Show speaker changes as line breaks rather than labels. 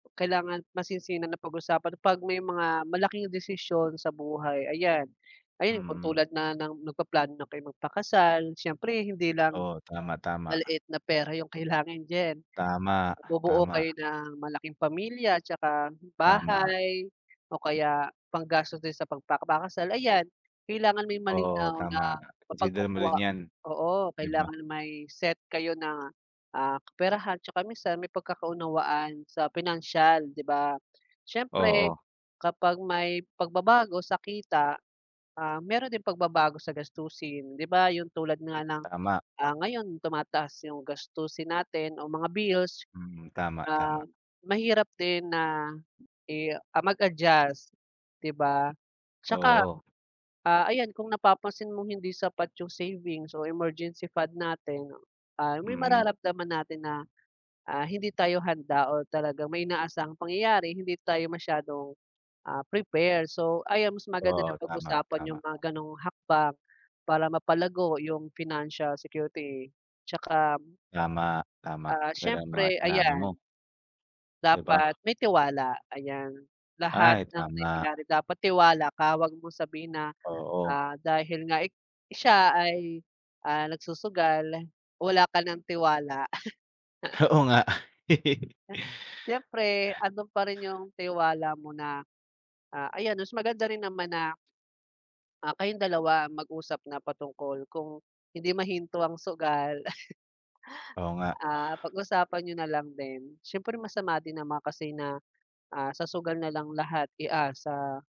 Kailangan masinsinan na pag-usapan pag may mga malaking desisyon sa buhay ayan. Ayan kung
Mm.
tulad na ng nagpaplano na kay magpakasal syempre hindi lang,
Oo, tama tama.
maliit na pera yung kailangan diyan.
Tama,
Bubuo kayo
tama.
ng malaking pamilya, tsaka
Tama.
bahay o kaya panggastos din sa pagpapakasal ayan. Kailangan may
Oo,
malinaw na
tama, consider mo rin
mapagkukuha
yan.
oo
'Di ba.
kailangan may set kayo na, ah, kaperahan, tsaka minsan may pagkakaunawaan sa pinansiyal 'di ba. Siyempre
Oo.
kapag may pagbabago sa kita, ah, meron din pagbabago sa gastusin 'di ba, yung tulad nga
Mm,
ng,
tama.
ah, ngayon tumataas yung gastusin natin o mga bills.
Mm, tama,
Ah,
tama.
mahirap din na i ah, mag-adjust 'di ba. Tsaka,
Oo.
ah, ayan kung napapansin mong hindi sapat yung savings o emergency fund natin ay may
Mm.
mararamdaman natin na, ah, hindi tayo handa or talagang may inaasahang pangyayari hindi tayo masyadong, ah, prepare. So ayan mas maganda na
Oo, tama,
pag-usapan yung
tama.
mga ganong hakbang para mapalago yung financial security tsaka
Tama, tama,
Ah,
ang ganda ng mga
syempre
sinabi mo.
ayan.
'Di ba.
Dapat may tiwala ayan. Lahat
Ay
ng
tama.
nangyayari dapat tiwala ka, wag mong sabihin na,
Oo.
ah, dahil nga ik siya ay, ah, nagsusugal wala ka ng tiwala.
Oo nga.
Siyempre andon pa rin yung tiwala mo na, ah, ayan mas maganda rin naman na, ah, kayong dalawa mag-usap na patungkol kung hindi mahinto ang sugal,
Oo nga.
ah, pag usapan niyo nalang din. Siyempre masama din naman kasi na, ah, sa sugal nalang lahat iasa.